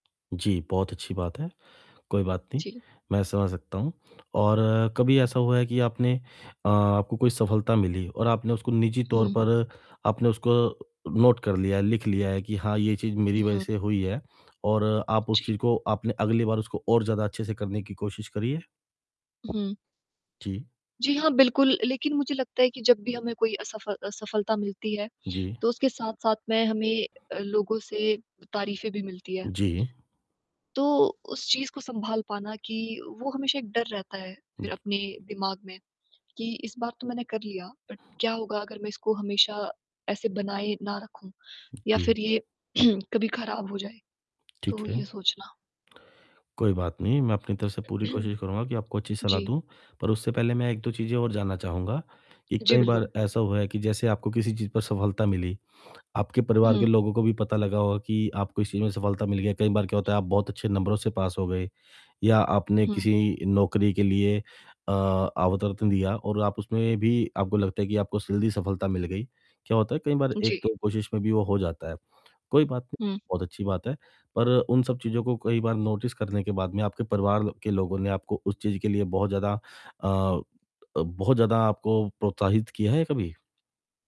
जी, बहुत अच्छी बात है। कोई बात नहीं, जी। मैं समझ सकता हूँ और कभी हुँ। ऐसा हुआ है कि आपने अ, आपको कोई सफलता मिली और आपने उसको निज़ी तौर हुँ। पर आपने उसको नोट कर लिया, लिख लिया है कि हाँ, ये चीज़ मेरी वजह हुँ। से हुई है। और आप उस चीज़ जी। को आपने अगली बार उसको और ज़्यादा अच्छे से करने की कोशिश करी है? हुँ। जी। जी, हाँ बिल्कुल, लेकिन मुझे लगता है कि जब भी हमें कोई असफ असफलता मिलती है जी। तो उसके साथ-साथ में हमें लोगों से तारीफें भी मिलती है। जी। तो उस चीज़ को सँभाल पाना कि वो हमेशा एक डर रहता है फिर अपने दिमाग में कि इस बार तो मैंने कर लिया बट क्या होगा अगर मैं इसको हमेशा ऐसे बनाए ना रखूँ? या जी। फिर ये कभी खराब हो जाए? ठीक तो ये है। सोचना। कोई बात नहीं, मैं अपनी तरफ से पूरी कोशिश करूँगा कि आपको अच्छी सलाह जी। दूँ। पर उससे पहले मैं एक-दो चीजें और जानना चाहूँगा कि जी, कई बार बिल्कुल। ऐसा हुआ है कि जैसे आपको किसी चीज पर सफलता मिली, आपके परिवार के हुँ। लोगों को भी पता लगा होगा कि आपको इस चीज़ में सफलता मिल गया। कई बार क्या होता है कि आप बहुत अच्छे नंबरों से पास हो गए या आपने हुँ। किसी नौकरी के लिए अ अवतरतन दिया और आप उसमें भी आपको लगता है कि आपको जल्दी सफलता मिल गई। क्या होता है कई बार एक जी। तो कोशिश में भी वो हो जाता है। कोई बात नहीं हुँ। बहुत अच्छी बात है पर उन सब चीज़ों को कई बार नोटिस करने के बाद में आपके परिवार के लोगों ने आपको उस चीज़ के लिए बहुत ज़्यादा अ, बहुत ज़्यादा आपको प्रोत्साहित किया है कभी?